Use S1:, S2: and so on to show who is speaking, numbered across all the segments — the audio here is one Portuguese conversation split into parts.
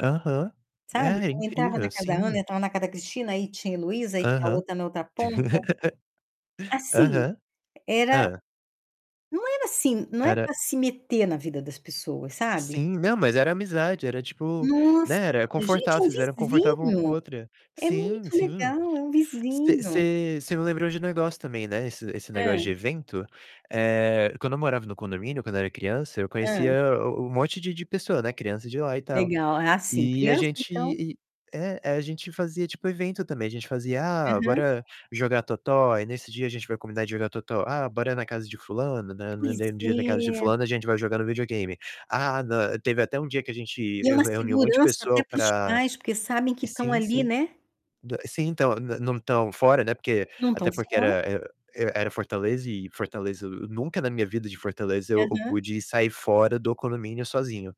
S1: Aham.
S2: Sabe,
S1: É,
S2: então entrava na
S1: incrível,
S2: casa da Ana,
S1: sim.
S2: entrava na casa da Cristina, aí tinha a Heloísa, aí tinha a
S1: Aham.
S2: outra na outra ponta. Assim,
S1: Aham.
S2: era
S1: Hã.
S2: Não era assim não é
S1: Era
S2: pra se meter na vida das pessoas, sabe.
S1: Sim. Não, mas era amizade, era, tipo,
S2: Nossa!
S1: né, era
S2: Gente,
S1: confortável,
S2: é um
S1: vocês eram confortável uma com a
S2: vizinho!
S1: outra.
S2: É
S1: Sim,
S2: muito
S1: sim.
S2: legal, é um
S1: Você
S2: vizinho.
S1: você você me lembrou de um negócio também, né, esse esse negócio
S2: Hã?
S1: de evento. Eh, quando eu morava no condomínio, quando era criança, eu
S2: Hã?
S1: conhecia o o um monte de de pessoa, né, criança de lá e tal,
S2: Legal. Ah, sim,
S1: e a
S2: criança,
S1: gente
S2: então
S1: e é, aí a gente fazia tipo evento também, a gente fazia: "Ah,
S2: Aham.
S1: bora jogar totó?". Aí nesse dia, a gente vai combinar de jogar Totó. "Ah, bora na casa de fulano?" Né, hum, no
S2: Pois
S1: dem dia na casa de
S2: é.
S1: fulano a gente vai jogar no videogame. Ah, nã teve até um dia que a gente
S2: E é
S1: eu
S2: uma
S1: reuni um monte de
S2: segurança até
S1: pessoa
S2: para os
S1: pra
S2: pais, porque sabem
S1: E
S2: que estão
S1: sim,
S2: ali,
S1: sim.
S2: né?
S1: Da sim, então, n não estão fora, né, porque
S2: Não
S1: até
S2: estão
S1: porque
S2: falando.
S1: era, eh eh, era Fortaleza e Fortaleza o Nunca na minha vida de Fortaleza eu eu
S2: Aham.
S1: pude sair fora do condomínio sozinho.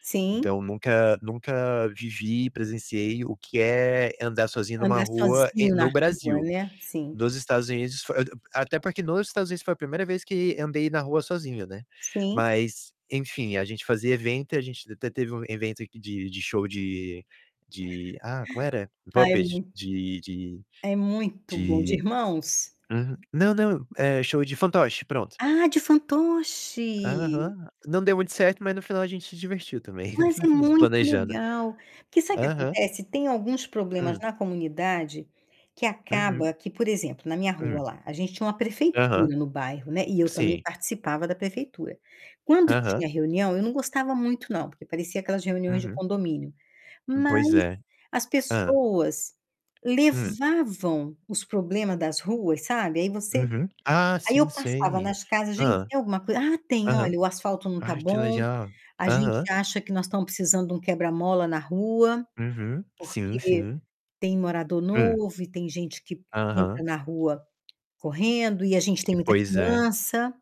S2: Sim.
S1: Então, nunca nunca vivi e presenciei o que é andar sozinho numa
S2: Andar
S1: rua em
S2: sozinho na
S1: no
S2: rua,
S1: Brasil.
S2: né. Sim.
S1: Nos Estados Unidos, fo ah até porque, nos Estados Unidos, foi a primeira vez que andei na rua sozinho, né.
S2: Sim.
S1: Mas, enfim, a gente fazia evento e a gente até teve um evento aqui de de show de de ah, como era?
S2: Ah, é
S1: Puppet.
S2: muito
S1: De de
S2: é muito bom. De
S1: de
S2: irmãos?
S1: Uhum. Não, não, eh, show de fantoche, pronto.
S2: Ah, de fantoche?
S1: Aham. Não deu muito certo, mas no final a gente se divertiu também
S2: Mas é muito
S1: planejando.
S2: legal. Porque sabe o que
S1: Aham.
S2: acontece? Tem alguns problemas
S1: Hum.
S2: na comunidade que
S1: Uhum.
S2: acaba que, por exemplo, na minha rua
S1: Hum.
S2: lá, a gente tinha uma
S1: Aham.
S2: prefeitura no bairro, né, e eu também
S1: Sim.
S2: participava da prefeitura. Quando
S1: Aham.
S2: tinha reunião, eu não gostava muito não, porque parecia aquelas reuniões de
S1: Uhum.
S2: condomínio.
S1: Hum, pois
S2: Mas
S1: é.
S2: as
S1: Hã.
S2: pessoas
S1: Hum.
S2: levavam os problema das ruas, sabe, aí você
S1: Uhum. Ah,
S2: aí eu
S1: sim,
S2: passava
S1: sei.
S2: nas casas: "Gente,
S1: Hã.
S2: tem alguma coisa?", "Ah, tem.
S1: Aham.
S2: Olha o asfalto não está
S1: Ai, que
S2: bom,
S1: legal.
S2: a gente
S1: Aham.
S2: acha que nós estamos precisando de um quebra-mola na rua,
S1: Uhum. Sim,
S2: porque
S1: sim.
S2: tem morador
S1: Hum.
S2: novo e tem gente que
S1: Aham.
S2: entra na rua correndo e a gente
S1: Si
S2: tem muita
S1: Pois é.
S2: criança."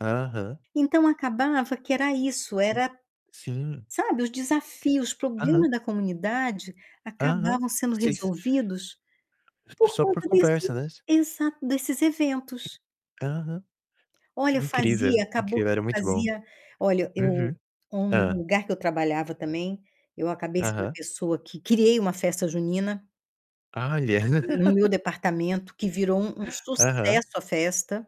S1: Aham.
S2: Então, acabava que era isso,
S1: Ti
S2: era,
S1: Sim.
S2: sabe, os desafios, os
S1: Aham.
S2: problema da comunidade
S1: Aham.
S2: acabavam sendo
S1: Vocês
S2: resolvidos por
S1: Só por
S2: conta
S1: conversa,
S2: desse
S1: né, s
S2: Exato. Desses eventos.
S1: E Aham.
S2: Olha, eu fazia
S1: Incrível,
S2: acabou que
S1: incrível.
S2: eu
S1: Era muito bom.
S2: fazia Olha, eu
S1: Uhum.
S2: um
S1: Hã.
S2: lugar que eu trabalhava também, eu acabei sendo a
S1: Aham.
S2: pessoa que criei uma festa junina
S1: Olha.
S2: no meu departamento, que virou um um
S1: Aham.
S2: sucesso a festa.